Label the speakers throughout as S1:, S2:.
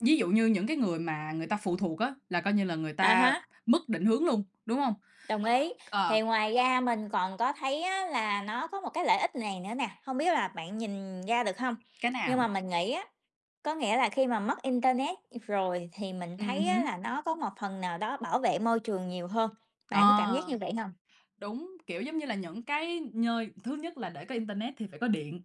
S1: Ví dụ như những cái người mà người ta phụ thuộc á, là coi như là người
S2: À
S1: ta
S2: há.
S1: mất định hướng luôn, đúng hông?
S2: Đồng ý.
S1: C Ờ.
S2: Thì ngoài ra mình còn có thấy á, là nó có một cái lợi ích này nữa nè, hông biết là bạn nhìn ra
S1: Ừm,
S2: được hông.
S1: cái
S2: Nhưng mà
S1: nào?
S2: mình nghĩ á, có nghĩa là khi mà mất internet, ừm, rồi thì mình
S1: Ừm
S2: thấy á,
S1: hứm.
S2: là nó có một phần nào đó bảo vệ môi trường nhiều hơn, bạn có cảm giác
S1: Ờ.
S2: như vậy hông?
S1: Đúng, kiểu, giống như là, những cái nhơi thứ nhất là để có internet thì phải có điện,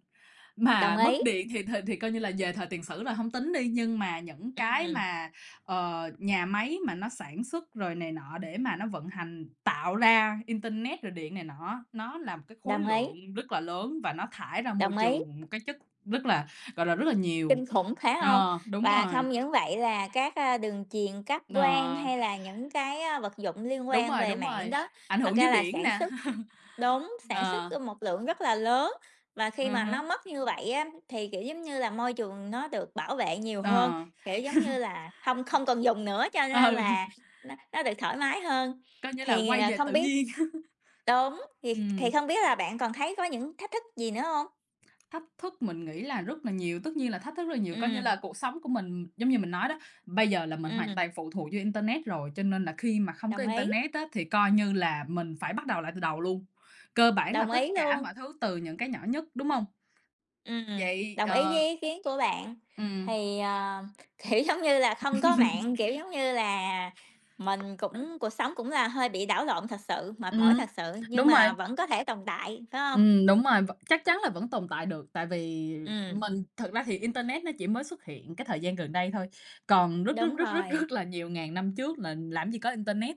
S2: Đồng
S1: mà mất
S2: ý.
S1: điện thì thì thì coi như là về thời tiền sử là hông tính đi. Nhưng mà những cái
S2: Ừm.
S1: mà, ờ, nhà máy mà nó sản xuất rồi này nọ để mà nó vận hành tạo ra internet rồi điện này nọ á, nó là một cái khối
S2: Đồng ý.
S1: lượng rất là lớn và nó thải ra môi
S2: Đồng ý.
S1: trường một cái chất rất là, gọi là, rất là nhiều.
S2: Kinh khủng, phải hông?
S1: Ờ, đúng
S2: Và
S1: rồi.
S2: không những vậy là các, a, đường truyền, cáp quang
S1: Ờ.
S2: hay là những cái vật dụng liên
S1: Đúng
S2: quan
S1: rồi,
S2: về
S1: đúng
S2: mạng
S1: rồi,
S2: đó,
S1: ảnh
S2: thật
S1: hưởng
S2: ra
S1: dưới
S2: là
S1: biển
S2: sản
S1: nè.
S2: xuất đúng, sản xuất,
S1: Ờ.
S2: ơ, một lượng rất là lớn. Và khi
S1: Ờ
S2: mà
S1: há.
S2: nó mất như vậy á, thì, kiểu, giống như là, môi trường nó được bảo vệ nhiều hơn,
S1: Ờ.
S2: kiểu, giống như là, hông không cần dùng nữa cho nên là
S1: Ừ.
S2: nó nó được thoải mái hơn.
S1: Coi như là
S2: Thì,
S1: quay
S2: ờ,
S1: về
S2: không
S1: tự
S2: biết
S1: nhiên.
S2: đúng, thì kh thì
S1: Ừm.
S2: không biết là bạn còn thấy có những thách thức gì nữa hông?
S1: Thách thức mình nghĩ là rất là nhiều, tất nhiên là thách thức rất là nhiều. Coi như
S2: Ừm.
S1: là cuộc sống của mình giống như mình nói đó, bây giờ là mình hoàn
S2: Ừm.
S1: toàn phụ thuộc vô internet rồi, cho nên là khi mà không có
S2: Đồng ý.
S1: internet á, thì coi như là mình phải bắt đầu lại từ đầu luôn. Cơ bản là
S2: Đồng ý
S1: tất cả
S2: luôn.
S1: mọi thứ từ những cái nhỏ nhất, đúng hông?
S2: Ừm,
S1: Vậy,
S2: đồng ý với
S1: ờ
S2: ý kiến của bạn.
S1: Ừm.
S2: Thì, à, kiểu, giống như là, không có mạng, kiểu, giống như là, mình cũng cuộc sống cũng là hơi bị đảo lộn thật sự, mệt mỏi
S1: Ừm,
S2: thật sự, nhưng
S1: đúng rồi.
S2: mà vẫn có thể tồn tại, phải hông?
S1: Ừm, đúng rồi, vẫn chắc chắn là vẫn tồn tại được, tại vì
S2: Ừm.
S1: mình thực ra thì internet nó chỉ mới xuất hiện cái thời gian gần đây thôi, còn rất, rất,
S2: Đúng
S1: rất, rất,
S2: rồi.
S1: rất là nhiều ngàn năm trước là làm gì có internet,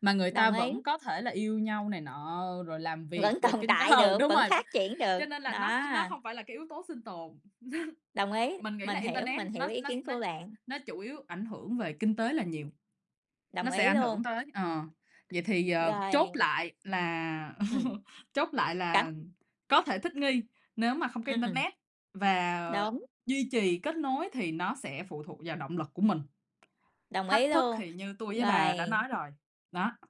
S1: mà người ta
S2: Đồng ý.
S1: vẫn có thể là yêu nhau này nọ rồi làm việc
S2: Vẫn
S1: rồi
S2: tồn
S1: kinh
S2: tại
S1: ừ,
S2: được,
S1: đúng
S2: vẫn
S1: rồi. V
S2: phát triển được.
S1: cho nên là nó
S2: Đó.
S1: nó hông phải là cái yếu tố sinh tồn,
S2: Đồng ý.
S1: mình nghĩ là
S2: Mình hiểu,
S1: internet
S2: mình hiểu
S1: nó
S2: ý
S1: nó
S2: kiến
S1: nó
S2: của bạn.
S1: nó chủ yếu ảnh hưởng về kinh tế là nhiều.
S2: Đồng
S1: Nó sẽ
S2: ý
S1: ảnh hưởng
S2: luôn.
S1: tới ờ, vậy thì, ờ, chốt
S2: Rồi.
S1: lại là
S2: Ừm.
S1: chốt lại
S2: Cảm
S1: là có thể thích nghi nếu mà không có
S2: Ừm.
S1: internet và
S2: Đúng.
S1: duy trì kết nối thì nó sẽ phụ thuộc vào động lực của mình.
S2: Đồng
S1: Thách
S2: ý
S1: thức
S2: luôn.
S1: thì như tôi với bà đã
S2: Rồi.
S1: nói rồi, đó.